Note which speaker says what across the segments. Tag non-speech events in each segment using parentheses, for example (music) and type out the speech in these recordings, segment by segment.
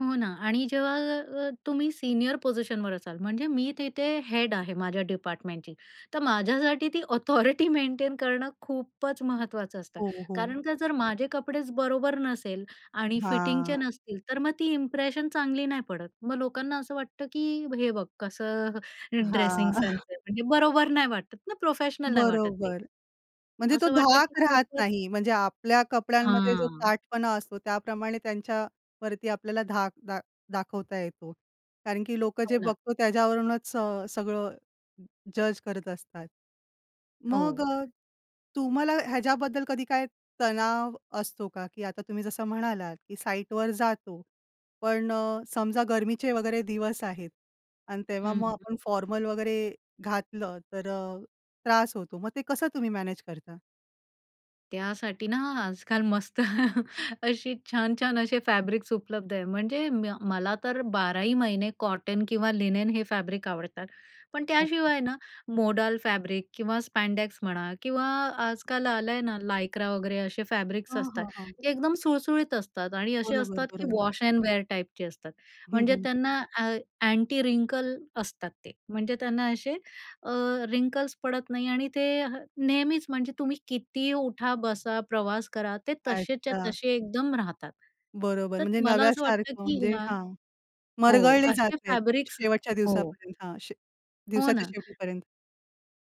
Speaker 1: हो ना आणि जेव्हा अ, तुम्ही सीनियर पोझिशनवर असाल म्हणजे मी तिथे हेड आहे माझ्या डिपार्टमेंटची. तर माझ्यासाठी ती ऑथॉरिटी मेंटेन करणं खूपच महत्त्वाचं असतं
Speaker 2: हो, हो.
Speaker 1: कारण का जर माझे कपडेच बरोबर नसेल आणि फिटिंगचे
Speaker 2: हां.
Speaker 1: नसतील, तर मग ती इंप्रेशन चांगली नाही पडत. मग लोकांना असं वाटतं, की हे बघ कसं
Speaker 2: हां.
Speaker 1: ड्रेसिंग सेन्स
Speaker 2: (chuckles)
Speaker 1: आहे. म्हणजे बरोबर नाही वाटत ना, प्रोफेशनल नाही वाटत ते.
Speaker 2: बरोबर. म्हणजे तो
Speaker 1: असं वाटतं की
Speaker 2: धाक राहत
Speaker 1: खूपच
Speaker 2: नाही. म्हणजे आपल्या कपड्यांमध्ये जो
Speaker 1: हां.
Speaker 2: ताठपणा असतो त्याप्रमाणे त्यांच्यावरती आपल्याला धाक दा दाखवता येतो, कारण की लोकं
Speaker 1: हो
Speaker 2: जे
Speaker 1: ना.
Speaker 2: बघतो त्याच्यावरूनच स सगळं जज करत असतात. मग
Speaker 1: हो.
Speaker 2: अ, तुम्हाला ह्याच्याबद्दल कधी काय तणाव असतो का, की आता तुम्ही जसं म्हणालात, की साइटवर जातो. पण अ, समजा गरमीचे वगैरे दिवस आहेत आणि तेव्हा
Speaker 1: हं.
Speaker 2: मग आपण फॉर्मल वगैरे घातलं, तर अ, त्रास होतो. मग ते कसं तुम्ही मॅनेज करता?
Speaker 1: त्यासाठी ना आजकाल मस्त अशी छान-छान असे फॅब्रिक्स उपलब्ध आहे. म्हणजे म्य मला तर बाराही महिने कॉटन किंवा लिनेन हे फॅब्रिक आवडतात. पण त्याशिवाय ना मोडाल फॅब्रिक किंवा स्पॅडॅक्स म्हणा किंवा आजकाल आलंय ना लायक्रा वगैरे असे फॅब्रिक्स
Speaker 2: हां,
Speaker 1: असतात.
Speaker 2: हां, हां.
Speaker 1: ते एकदम सुळसुळीत असतात आणि असे
Speaker 2: बरोबर
Speaker 1: असतात, की
Speaker 2: बरोबर.
Speaker 1: वॉश एंड वेअर टाईपचे असतात.
Speaker 2: हं,
Speaker 1: म्हणजे
Speaker 2: हं.
Speaker 1: त्यांना अ, अँटी रिंकल असतात ते. म्हणजे त्यांना असे अ, रिंकल्स पडत नाही आणि ते नेहमीच म्हणजे तुम्ही कितीही उठा, बसा, प्रवास करा, ते तसेच्या
Speaker 2: अच्छा.
Speaker 1: तसे एकदम राहतात.
Speaker 2: बरोबर.
Speaker 1: तर
Speaker 2: म्हणजे
Speaker 1: मला असं वाटतं,
Speaker 2: नव्यासारखं
Speaker 1: की
Speaker 2: म्हणजे
Speaker 1: ह्या
Speaker 2: हां.
Speaker 1: हो,
Speaker 2: मरगळले जात
Speaker 1: असे
Speaker 2: नाहीत.
Speaker 1: फॅब्रिक्स
Speaker 2: शेवटच्या
Speaker 1: हो.
Speaker 2: दिवसापर्यंत. हां, शे
Speaker 1: हो
Speaker 2: दिवसाच्या
Speaker 1: ना.
Speaker 2: शेवटीपर्यंत.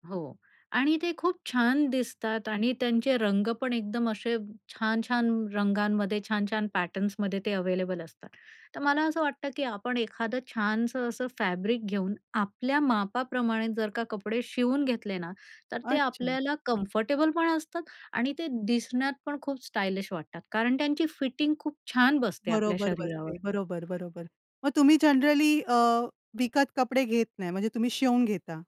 Speaker 1: हो आणि ते खूप छान दिसतात आणि त्यांचे रंग पण एकदम असे छान-छान रंगांमध्ये, छान-छान पॅटर्न्समध्ये ते अवेलेबल असतात. तर मला असं वाटतं, की आपण एखादं छानसं असं फॅब्रिक घेऊन आपल्या मापाप्रमाणे जर का कपडे शिवून घेतले ना, तर ते
Speaker 2: अच्छा.
Speaker 1: आपल्याला कम्फर्टेबल पण असतात आणि ते दिसण्यात पण खूप स्टायलिश वाटतात, कारण त्यांची फिटिंग खूप छान बसते आपल्या
Speaker 2: बरोबर
Speaker 1: शरीरावर.
Speaker 2: बसते. बरोबर बरोबर. मग तुम्ही जनरली अ, विकत कपडे घेत नाही म्हणजे तुम्ही शिवून घेता.